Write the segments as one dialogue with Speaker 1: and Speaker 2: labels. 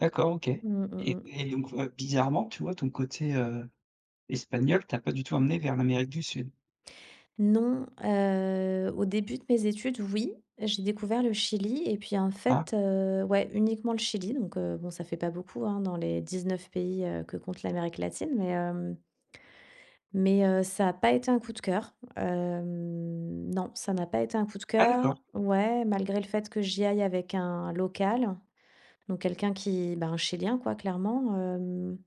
Speaker 1: D'accord, OK.
Speaker 2: Mmh, mmh,
Speaker 1: Et
Speaker 2: mmh.
Speaker 1: et donc, ouais, bizarrement, tu vois, ton côté, heu, espagnol, t'a pas du tout emmenée vers l'Amérique du Sud.
Speaker 2: Non, heu, au début de mes études, oui, j'ai découvert le Chili et puis, en
Speaker 1: Ah.
Speaker 2: fait, heu ouais, uniquement le Chili. Donc, heu, bon, ça fait pas beaucoup, hein, dans les 19 pays, heu, que compte l'Amérique latine. Mais, hem mais, heu, ça a pas été un coup de cœur. Hem, non, ça n'a pas été un coup de
Speaker 1: Ah d'accord!
Speaker 2: cœur ouais, malgré le fait que j'y aille avec un local, donc quelqu'un qui, ben, un chilien quoi, clairement, hem.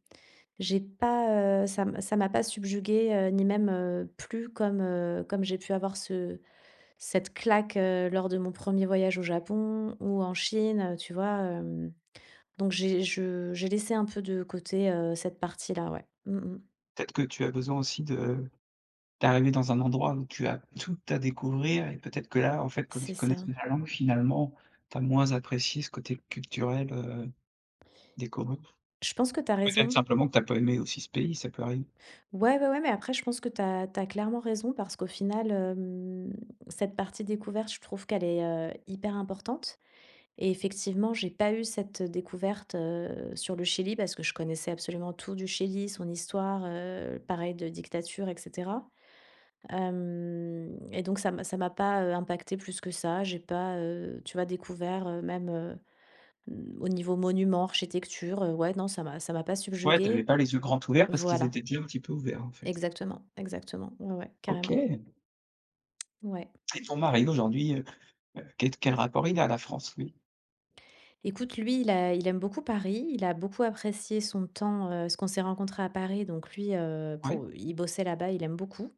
Speaker 2: J'ai pas, heu, ça m ça m'a pas subjuguée, heu, ni même, heu, plu comme, heu, comme j'ai pu avoir ce cette claque, heu, lors de mon 1er voyage au Japon ou en Chine, heu, tu vois, hem? Donc j'ai je j'ai laissé un peu de côté, heu, cette partie là, ouais, mmh mh.
Speaker 1: Peut-être que tu as besoin aussi de d'arriver dans un endroit où tu as tout à découvrir et peut-être que là, en fait, comme
Speaker 2: C'est
Speaker 1: tu
Speaker 2: ça.
Speaker 1: connaissais la langue finalement, tu as moins apprécié ce côté culturel, heu, découvrir.
Speaker 2: Je pense que tu as
Speaker 1: Peut-être,
Speaker 2: raison.
Speaker 1: simplement, que tu as pas aimé aussi ce pays, ça peut arriver.
Speaker 2: Ouais, ouais, ouais, mais après, je pense que tu as tu as clairement raison parce qu'au final, hem, cette partie découverte, je trouve qu'elle est, heu, hyper importante. Et effectivement, j'ai pas eu cette découverte, heu, sur le Chili, parce que je connaissais absolument tout du Chili, son histoire, heu, pareil de dictature et cetera. Hem, et donc ça m'a ça m'a pas, heu, impactée plus que ça. J'ai pas, heu, tu vois, découvert, heu, même, heu, hem, au niveau monuments, architecture, heu. Ouais, non, ça m'a ça m'a pas
Speaker 1: Ouais, tu avais
Speaker 2: subjuguée
Speaker 1: pas les yeux grands ouverts parce qu'ils
Speaker 2: voilà.
Speaker 1: étaient déjà un petit peu ouverts, en fait.
Speaker 2: Exactement, exactement, ouais, ouais, carrément.
Speaker 1: OK!
Speaker 2: Ouais.
Speaker 1: Et ton mari aujourd'hui, heu heu, quel t quel rapport il a à la France lui?
Speaker 2: Écoute, lui, il a il aime beaucoup Paris, il a beaucoup apprécié son temps, heu, parce qu'on s'est rencontrés à Paris, donc lui, heu,
Speaker 1: Ouais.
Speaker 2: pour il bossait là-bas, il aime beaucoup.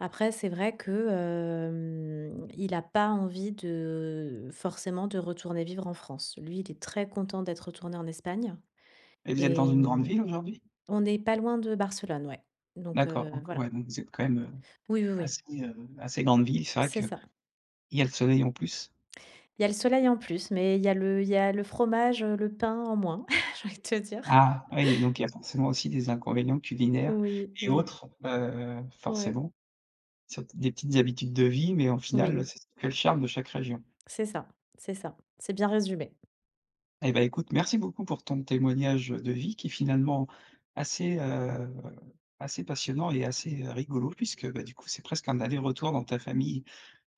Speaker 2: Après, c'est vrai que, hem, il a pas envie de forcément de retourner vivre en France. Lui, il est très content d'être retourné en Espagne
Speaker 1: Et vous êtes dans
Speaker 2: et
Speaker 1: une grande
Speaker 2: hem
Speaker 1: ville, aujourd'hui?
Speaker 2: on n'est pas loin de Barcelone, ouais. Donc,
Speaker 1: D'accord,
Speaker 2: heu,
Speaker 1: donc
Speaker 2: voilà.
Speaker 1: ouais, donc vous êtes quand même, heu,
Speaker 2: Oui, oui, oui.
Speaker 1: assez, heu, assez grande ville, c'est vrai
Speaker 2: C'est
Speaker 1: qu'il
Speaker 2: ça.
Speaker 1: y a le soleil, en plus.
Speaker 2: Il y a le soleil en plus, mais il y a le il y a le fromage, heu, le pain en moins, j'ai envie de te dire.
Speaker 1: Ah oui, donc il y a forcément aussi des inconvénients culinaires
Speaker 2: Oui,
Speaker 1: et
Speaker 2: oui.
Speaker 1: autres, heu,
Speaker 2: Ouais.
Speaker 1: forcément, c'était des petites habitudes de vie, mais au final, heu,
Speaker 2: Oui.
Speaker 1: c'est s le charme de chaque région.
Speaker 2: C'est ça, c'est ça. C'est bien résumé.
Speaker 1: Et bah, écoute, merci beaucoup pour ton témoignage de vie, qui est finalement, assez, heu, assez passionnant et assez, heu, rigolo puisque, bah, du coup, c'est presque un aller-retour dans ta famille,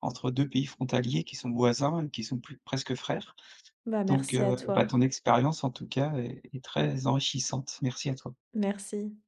Speaker 1: entre 2 pays frontaliers qui sont voisins et qui sont plu presque frères.
Speaker 2: Bah,
Speaker 1: Donc,
Speaker 2: merci à
Speaker 1: heu,
Speaker 2: toi.
Speaker 1: bah, ton expérience, en tout cas, est est très enrichissante. Merci à toi.
Speaker 2: Merci.